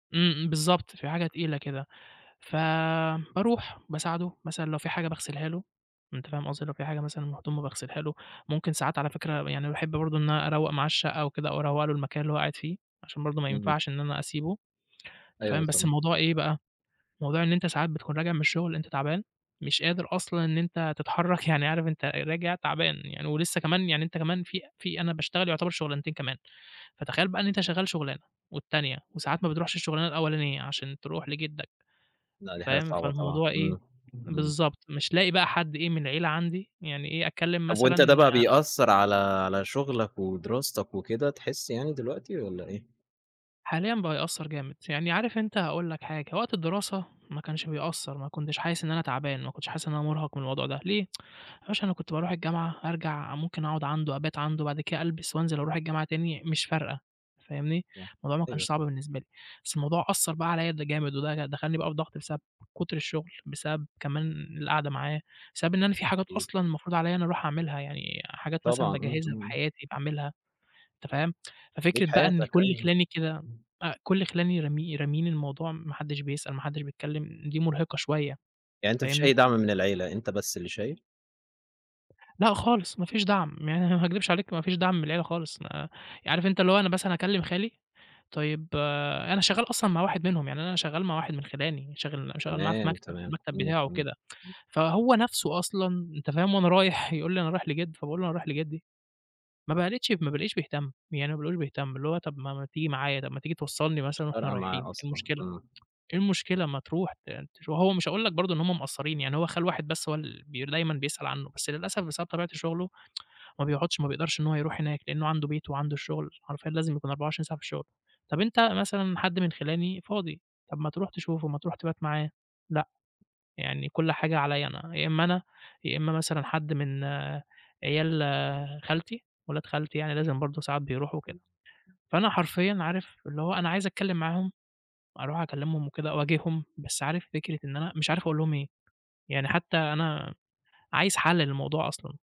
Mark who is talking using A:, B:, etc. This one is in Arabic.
A: إمم إمم، بالضبط، في حاجة تقيلة كده ف باروح بساعده، مثلًا لو في حاجة باغسِلها له، أنت فاهم قصدي؟ لو في حاجة مثلًا م هدومه باغسِلها له، ممكن ساعات على فِكرة يعني باحب برضه إن أروّق معاه الشقة أو كده. أو أروّق له المكان اللي هو قاعد فيه، عشان برضه ما
B: إمم.
A: ينفعش إن أنا أسيبه، أنت
B: أيوه
A: فاهم. بس
B: سام
A: الموضوع إيه بقى، موضوع إن أنت ساعات بتكُون راجع من الشغل أنت تعبان، مش قادر أصلًا إن أنت تتحرك، يعني عارف أنت راجع تعبان يعني، ولسّه كمان يعني أنت كمان في في أنا باشتغل يُعتبر شُغلانتين كمان. فتخيل بقى إن أنت شغال شُغلانة والتانية وساعات ما بِتروحش الشُغلانة الأولانية عشان تروح لجِدك
B: لأ، دي حاجة
A: فاهم،
B: صعبة طبعًا،
A: فالموضوع إيه،
B: إمم إمم.
A: بالضبط مش لاقي بقى حد إيه من العيلة عندي يعني إيه، أتكلم
B: طَب وأنت ده
A: مثلًا
B: بقى بيأثّر على على شُغلك ودراستك وكده. تحسّ يعني دلوقتي والّا إيه؟
A: حاليًا بقى يأثّر جامد. يعني عارف أنت هاقُول لَك حاجة، وقت الدراسة ما كانش بيأثّر، ما كُنتش حاسِس إن أنا تعبان، ما كُنتش حاسِس إن أنا مُرهَق من الموضوع ده، ليه؟ يا باشا أنا كُنت باروح الجامعة، أرجع ممكن أقعد عندُه أبات عندُه، بعد كده ألبس وانزل أروح الجامعة تاني، مش فارقة، فاهمني،
B: صح
A: الموضوع ما كانش
B: أيوه.
A: صعب بالنسبة لي. بس الموضوع أثّر بقى عليَّ ده جامد، وده دخلّني بقى في ضغط بسب كُتر الشغل، بسبب كمان القعدة معاه، بسبب إن أنا في حاجات
B: أكيد.
A: أصلًا المفروض عليَّ إن أنا أروح اعملها، يعني حاجات مثلًا
B: طبعًا إمم،
A: باجهِزها
B: إمم،
A: في
B: إمم،
A: حياتي،
B: إمم.
A: باعمِلها، أنت فاهِم،
B: ليك
A: ففكرة بقى إن
B: حياتك.
A: كل
B: أيوه
A: خِلاني كده
B: إمم.
A: أ كل خِلاني رامي راميين الموضوع، ما حدِش بيسأل، ما حدِش بيتكلم دي مُرهقة شوية،
B: يعني أنت ما فيش أي
A: فاهمني؟
B: دعم من العيلة، أنت بس اللي شايل؟
A: لأ، خالص ما فيش دعم، ما ه ه ما اكدبش عليك ما فيش دعم من العيلة خالص، ما عارف أنت اللي هو أنا مثلًا أكلم خالي طيب آآ، أنا شغال أصلًا مع واحد منهم، يعني أنا شغال مع واحد من خِلاني شاغل م شغال معاه في
B: تمام،
A: مكتب،
B: تمام.
A: المكتب
B: إمم،
A: بتاعه
B: إمم،
A: وكده.
B: امم.
A: فهو نفسه أصلًا أنت فاهم وأنا رايح يقول لي أنا رايح لجد فباقول له: "أنا رايح لجدي" ما بقلتش ما بالاقيش بيهتم يعني، ما بالاقيهوش بيهتم، اللي هو طَب ما ما تيجي معايا طَب ما تيجي توصلني
B: مش
A: مثلًا وإحنا
B: فارقة
A: رايحين
B: معاه
A: إيه
B: أصلًا،
A: المشكلة،
B: إمم.
A: إيه المشكلة ما تروح ت تش هو مش هاقول لَك برضه إن هُم مُقصّرين، يعني هو خال واحد بس هو ال بير دايمًا بيسأل عنه. بس للأسف، بسبب طبيعة شغله ما بيقعدش، ما بيقدرش إن هو يروح هناك. لأنه عنده بيته وعنده الشغل، حرفيًا لازم يكون 24 ساعة في الشُغل. طَب أنت مثلًا حد من خِلاني فاضي، طَب ما تروح تشوفه، ما تروح تِبات معاه لأ، يعني كل حاجة عليَّ أنا، يا إمّا أنا يا إمّا مثلًا حد من عيال خالتي، ولاد خالتي يعني لازم برضه ساعات بيروحوا وكده،
B: حلو، إمم
A: فأنا حرفيًا عارف، اللي هو أنا عايز أتكلِم معاهُم، أروح أكلِّمهم وكده أواجِههم، بس عارف فكرة إن أنا مش عارف أقُول لهُم إيه. يعني، حتى أنا عايز حل للموضوع أصلًا.